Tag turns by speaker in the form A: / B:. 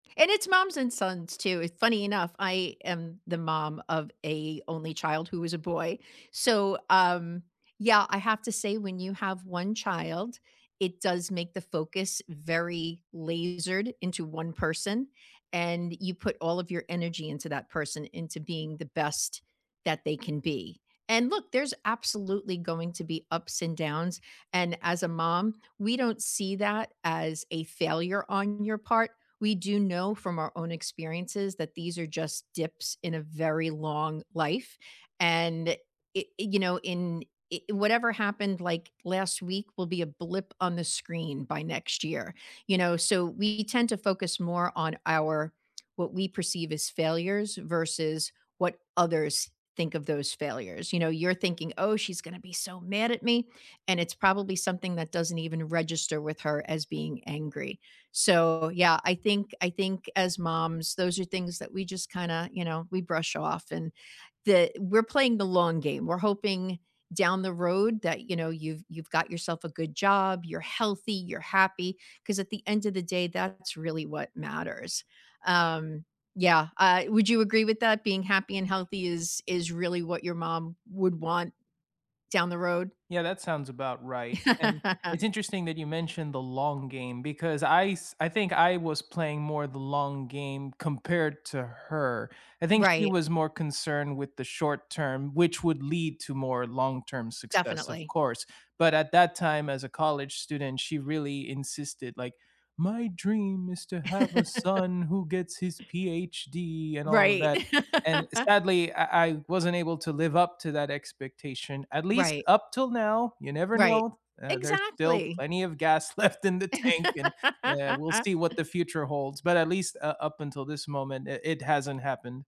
A: And it's moms and sons, too, it's funny enough, I am the mom of a only child who is a boy. So, um, yeah, I have to say, when you have 1 child, it does make the focus very lasered into 1 person, and you put all of your energy into that person, into being the best that they can be. And look, there's absolutely going to be ups and downs, and as a mom, we don't see that as a failure on your part. We do know from our own experiences that these are just dips in a very long life, and it it you know, in it whatever happened, like, last week will be a blip on the screen by next year. You know, so we tend to focus more on our what we perceive as failures versus what others think of those failures. You know, you're thinking, "Oh, she's gonna be so mad at me," and it's probably something that doesn't even register with her as being angry. So, yeah, I think I think, as moms, those are things that we just kinda, you know, we brush off, and the we're playing the long game. We're hoping down the road that, you know, you've you've got yourself a good job, you're healthy, you're happy. 'Cause at the end of the day, that's really what matters. Um, yeah, uh, would you agree with that, being happy and healthy is is really what your mom would want down the road?
B: Yeah, that sounds about right, and it's interesting that you mentioned the long game because I s I think I was playing more the long game compared to her. I think she
A: Right.
B: was more concerned with the short-term, which would lead to more long-term success, of
A: Definitely.
B: course. But at that time as a college student, she really insisted, like, "My dream is to have a son who gets his PhD," and all of
A: Right.
B: that, and sadly, I I wasn't able to live up to that expectation, at least
A: Right.
B: up till now, you never
A: Right.
B: know, uh, there's still
A: Exactly!
B: plenty of gas left in the tank, and, uh, we'll see what the future holds. But at least, uh, up until this moment, it it hasn't happened